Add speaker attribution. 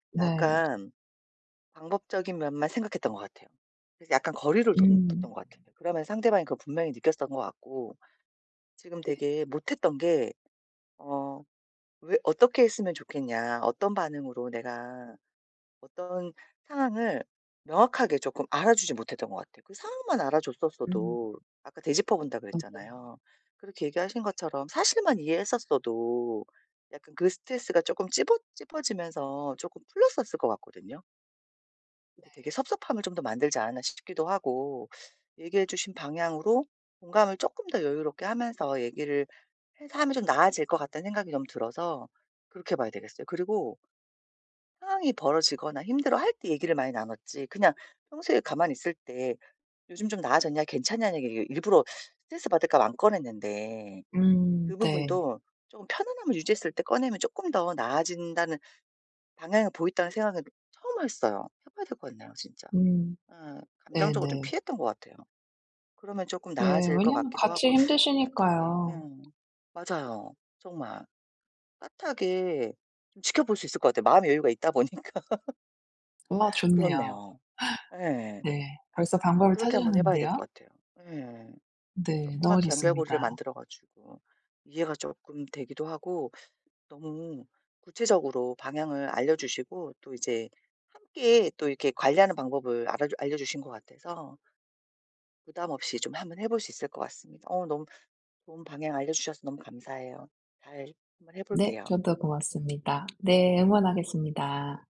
Speaker 1: 네.
Speaker 2: 약간 방법적인 면만 생각했던 것 같아요. 그래서 약간 거리를 둰
Speaker 1: 음.
Speaker 2: 뒀던 것 같아요. 그러면 상대방이 그걸 분명히 느꼈었던 것 같고. 지금
Speaker 1: 네.
Speaker 2: 되게 못했던 게 어 왜 "어떻게 했으면 좋겠냐?" 어떤 반응으로 내가 어떤 상황을 명확하게 조금 알아주지 못했던 것 같아요. 그 상황만
Speaker 1: 음.
Speaker 2: 알아줬었어도 아까 되짚어 본다고
Speaker 1: 맞아요.
Speaker 2: 그랬잖아요. 그렇게 얘기하신 것처럼 사실만 이해했었어도 약간 그 스트레스가 조금 집었 집어지면서 쪼끔 풀렸었을 것 같거든요.
Speaker 1: 네.
Speaker 2: 근데 되게 섭섭함을 좀 더 만들지 않았나 싶기도 하고 얘기해주신 방향으로 공감을 쪼끔 더 여유롭게 하면서 얘기를 해서 하면 좀 나아질 것 같다는 생각이 너무 들어서 그렇게 해봐야 되겠어요. 그리고 상황이 벌어지거나 힘들어할 때 얘기를 많이 나눴지. 그냥 평소에 가만히 있을 때 "요즘 좀 나아졌냐? 괜찮냐?"는 얘기를 일부러 스트레스 받을까 봐 안 꺼냈는데
Speaker 1: 음
Speaker 2: 그
Speaker 1: 네.
Speaker 2: 부분도 좀 편안함을 유지했을 때 꺼내면 쪼끔 더 나아진다는 방향을 보인다는 생각은 처음 했어요. 해봐야 될 것 같네요 진짜.
Speaker 1: 음
Speaker 2: 어 감정적으로 좀
Speaker 1: 네네.
Speaker 2: 피했던 것 같아요. 그러면 조금
Speaker 1: 네.
Speaker 2: 나아질 것
Speaker 1: 왜냐하면
Speaker 2: 같기도
Speaker 1: 같이
Speaker 2: 하고. 따뜻하게 예.
Speaker 1: 힘드시니까요.
Speaker 2: 맞아요. 정말. 따뜻하게 좀 지켜볼 수 있을 것 같아요. 마음의 여유가 있다 보니까.
Speaker 1: 와 좋네요.
Speaker 2: 그렇네요. 예.
Speaker 1: 네. 벌써 방법을
Speaker 2: 그렇게 한번 해봐야 될
Speaker 1: 찾으셨는데요.
Speaker 2: 것 같아요. 예.
Speaker 1: 네. 너무
Speaker 2: 조그맣게 연결고리를
Speaker 1: 좋습니다.
Speaker 2: 만들어 가지고 이해가 쪼끔 되기도 하고 너무 구체적으로 방향을 알려주시고 또 이제 함께 또 이렇게 관리하는 방법을 알아주 알려려주신 것 같아서 부담 없이 좀 한번 해볼 수 있을 것 같습니다. 어 너무 좋은 방향 알려주셔서 너무 감사해요. 잘 한번
Speaker 1: 네.
Speaker 2: 해볼게요.
Speaker 1: 저도 고맙습니다. 네. 응원하겠습니다.